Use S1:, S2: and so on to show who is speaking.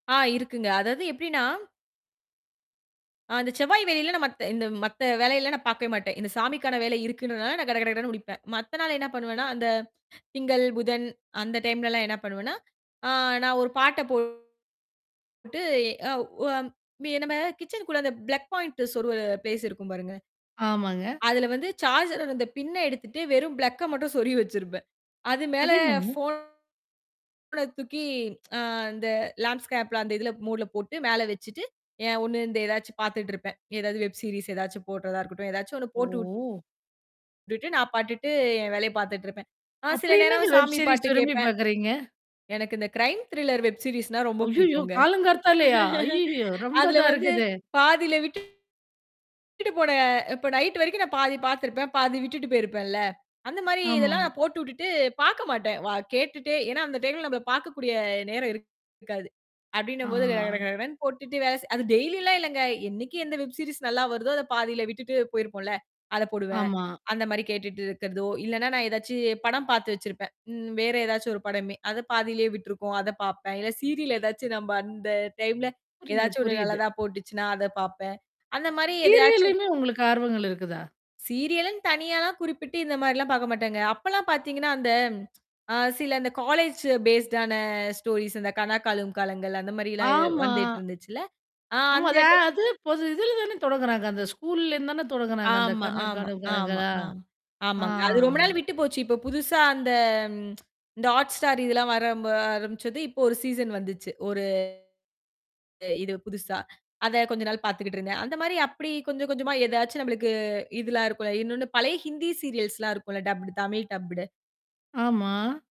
S1: ஆ இருக்குங்க. அதாவது எப்படின்னா அந்தச் செவ்வாய், வெள்ளியில மத்த இந்த மத்த வேலையெல்லா நான் பார்க்கவேமாட்டேன். இந்தச் சாமிக்கான வேலை இருக்குன்றதுனால நான் கட கட கடன்னு முடிப்பேன். மத்த நாள் என்ன பண்ணுவேன்னா, அந்த திங்கள், புதன் அந்த டைம்லலாம் என்ன பண்ணுவேன்னா, அ நான் ஒரு பாட்டைப் போட்டு அ உ அ நம்ம கிச்சனுகுள்ள பிளக் பாயிண்ட் சொருவுவ பிளேஸ் இருக்கும், பாருங்க.
S2: ஆமாங்க.
S1: அதுல வந்து சார்ஜர், அந்தப் பின்னை எடுத்துட்டு வெறும் பிளக் மட்டும் சொருகி வச்சிருப்பேன். அது மேல
S2: அது என்னங்க?
S1: போன தூக்கி ஆ அந்த லேண்டுஸ்கேப் அந்த இதுல மோடுல போட்டு மேல வச்சிட்டு ஒண்ணு, இந்த ஏதாச்சும் பாத்துட்டு இருப்பேன். ஏதாவது வெப் சீரீஸ் ஏதாச்சும் போட்டுறதா இருக்கட்டும். ஏதாச்சு ஒண்ணு போட்டு
S2: ஓ!
S1: வுட்டுட்டு நான் பாட்டுக்கு என் வேலைய பாத்துட்டு இருப்பேன். அ நான் சில
S2: அப்படி என்னங்க
S1: நேரம்
S2: வெப்
S1: சாமி பாட்டு
S2: சீரீஸ் விரும்பிப்
S1: கேப்பேன்.
S2: பார்க்குறீங்க?
S1: எனக்கு இந்த கிரைம் திரில்லர் வெப் சீரீஸ்னா ரொம்ப
S2: அய்யய்யோ!
S1: பிடிக்குங்க.
S2: காலங்கார்த்தாலையா? அய்யய்யோ!
S1: அதுல
S2: ரொம்பதான்
S1: வந்து
S2: இருக்குதே.
S1: பாதியில விட்டுட் விட்டுட்டு போன இப்ப நைட்டு வரைக்கும் நான் பாதி பாத்துருப்பேன். பாதி விட்டுட்டு போயிருப்பேன்ல. அந்த மாரி
S2: ஆமா.
S1: இதெல்லாம் நான் போட்டுவுட்டுட்டு பாக்க மாட்டேன். வ கேட்டுட்டே ஏன்னா, அந்த டைம்ல நம்மளல பார்க்கக்கூடிய நேரம் இருக்காது. அப்பிடின்னம்போது கடகட
S2: ஆ.
S1: கடகடன்னு போட்டுட்டு, அது டெய்லி எல்லாம் இல்லைங்க. என்னைக்கு எந்த வெப் சீரீஸ் நல்லா வருதோ, அதைப் பாதியில விட்டுட்டு போயிருப்போம்ல, அதைப் போடுவேன்.
S2: ஆமா.
S1: அந்த மாரி கேட்டுட்டு இருக்கறதோ, இல்லைன்னா, நான் ஏதாச்சும் படம் பாத்து வச்சிருப்பேன். ம் வேற ஏதாச்சும் ஒரு படமே அதைப் பாதியில விட்டுருக்கும். அதைப் பார்ப்பேன். இல்ல, சீரியல் ஏதாச்சும், நம்ம அந்த டைம்ல
S2: புரியுது,
S1: எதாச்சும் ஒண்ணு
S2: புரியுது.
S1: நல்லதா போட்டுச்சுன்னா, அதைப் பார்ப்பேன். அந்த மாரி எதையாச்சும்
S2: சீரியல்லையுமே உங்களுக்கு ஆர்வங்கள் இருக்குதா?
S1: சீரியலுன்னு தனியாலாம் குறிப்பிட்டு, இந்த மாரிலாம் பார்க்கமாட்டேங்க. அப்பெல்லாம் பாத்தீங்கன்னா, அந்த ஆ சில இந்த காலேஜ்ஜூ பேஸூடான ஸ்டோரிஸ் இந்த கனா காணும் காலங்கள்லா அந்த மாரிலாம்
S2: ஆமா.
S1: வந்துட்டிருந்துச்சுல, ஆ
S2: நம்ம
S1: அந்த
S2: அத
S1: டைம்
S2: அது பொது இதுல தானே தொடங்கறாங்க. அந்த ஸ்கூல்லேருந்துதான தொடங்கறாங்க. அந்தக்
S1: ஆமா,
S2: கனா
S1: ஆமா,
S2: காணும்
S1: ஆமா,
S2: காலங்களா?
S1: ஆ.
S2: ஆ.
S1: ஆமாங்க. அது ரொம்ப நாள் விட்டுப்போச்சு. இப்போ புதுசா அந்த இந்த Hotstar இதெல்லாம் வரம்ப வர ஆரம்பிச்சது. இப்போ ஒரு சீசன் வந்துச்சு. ஒரு இது புதுசா. அத கொஞ்சம் நாள் பாத்துகிட்டு இருந்தேன். அந்த மாரி அப்பிடி கொஞ்சம் கொஞ்சமா எதாச்சும் நம்மளுக்கு இதெல்லாம் இருக்கும். இன்னொன்னு பழைய ஹிந்தி சீரியல்ஸ்லாம் இருக்கும். டப்புடு. தமிழ் டப்புடு.
S2: ஆமா.